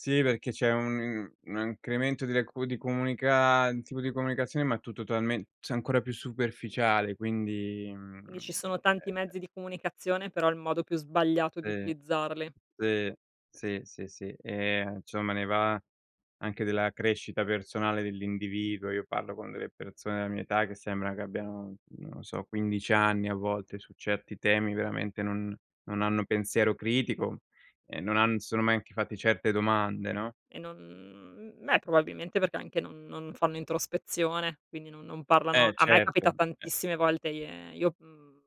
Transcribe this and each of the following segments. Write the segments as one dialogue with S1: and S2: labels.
S1: Sì, perché c'è un un un incremento di decu di comunica un tipo di comunicazione, ma tu totalmen cioè ancora più superficiale, quindi,
S2: Quindi
S1: mhmm,
S2: ci sono tanti
S1: e
S2: mezzi di comunicazione, però il modo più sbagliato di
S1: Sì.
S2: utilizzarli
S1: Sì, sì, sì, sì. Ehm, insomma ne va anche della crescita personale dell'individuo. Io parlo con delle persone della mia età che sembra che abbiano, non lo so, 15 anni a volte, su certi temi veramente non non hanno pensiero critico e non han si sono mai anche fatti certe domande, no?
S2: E non mhmm, beh probabilmente perché anche non non fanno introspezione, quindi non non parlano
S1: Eh,
S2: a me
S1: certo,
S2: capita
S1: eh.
S2: tantissime volte ie io mhmm,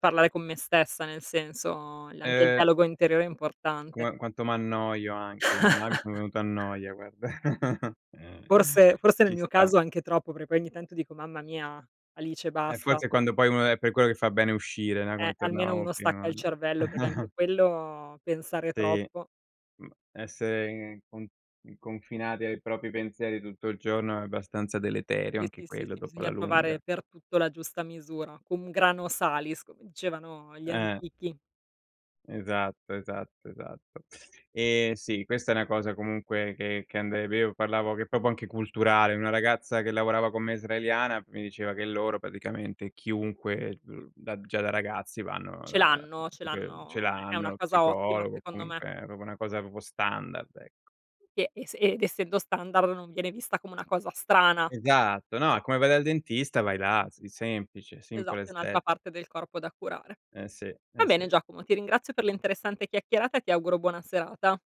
S2: parlare con me stessa, nel senso, la anche il
S1: Ehm
S2: dialogo interiore è importante.
S1: Qua quanto m'annoio anche, ormai mi sono venuto a noia guarda. Eh.
S2: Forse forse nel
S1: Ci
S2: mio
S1: sta.
S2: caso anche troppo, perc poi ogni tanto dico: "Mamma mia, Alice
S1: Eh
S2: basta."
S1: forse quando poi uno è per quello che fa bene uscire, no,
S2: Eh,
S1: come
S2: almeno
S1: tornavamo
S2: uno stacca
S1: prima
S2: il
S1: [unintelligible]
S2: cervello perché anche quello, pensare
S1: Sì.
S2: troppo
S1: Mhmm, essere con mhmm, confinati ai propri pensieri tutto il giorno è abbastanza deleterio
S2: [unintelligible] sì,
S1: anche
S2: sì,
S1: quello dopo, alla
S2: bisogna
S1: lunga.
S2: provare per tutto la giusta misura. Cum grano salis come dicevano gli
S1: Eh.
S2: antichi.
S1: Esatto, esatto, esatto. Ehm, sì, questa è una cosa comunque che che ande è vero, parlavo che proprio anche culturale. Una ragazza che lavorava con me, israeliana, mi diceva che loro, praticamente chiunque, ehm, uhm, da già da ragazzi vanno
S2: Ce
S1: da
S2: l'hanno, ce
S1: e che ce
S2: l'hanno; è è
S1: l'hanno
S2: una
S1: lo
S2: cosa ottima
S1: psicologo, o
S2: secondo me.
S1: comunque è proprio una cosa proprio standard, ecco.
S2: E e s ed essendo standard non viene vista come una cosa strana.
S1: Esatto, no, come vai dal dentista vai là, sì, semplice,
S2: Esatto,
S1: simple
S2: è
S1: as
S2: un'altra
S1: that.
S2: parte del corpo da curare.
S1: Eh sì,
S2: Va
S1: eh
S2: bene
S1: sì.
S2: Giacomo, ti ringrazio per l'interessante chiacchierata e ti auguro buona serata.